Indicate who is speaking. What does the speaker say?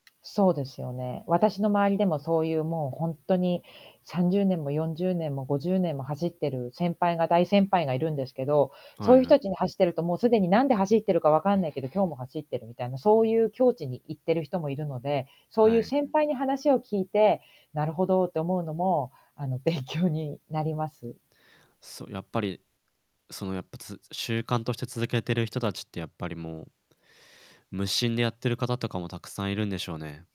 Speaker 1: そうですよね、私の周りでも、そういうもう、ほんとに30年も40年も50年も走ってる先輩が大先輩がいるんですけど、
Speaker 2: は
Speaker 1: そうい
Speaker 2: い
Speaker 1: う
Speaker 2: は
Speaker 1: 人
Speaker 2: い。
Speaker 1: たちに走ってると、もう既になんで走ってるか分かんないけど、今日も走ってるみたいな、そういう境地に行ってる人もいるので、そう
Speaker 2: は
Speaker 1: いう
Speaker 2: い。
Speaker 1: 先輩に話を聞いて、なるほどって思うのも、あの、勉強になります。
Speaker 2: そう、やっぱりそのやっぱ、つ習慣として続けてる人達ってやっぱりもう、無心でやってる方とかもたくさんいるんでしょうね。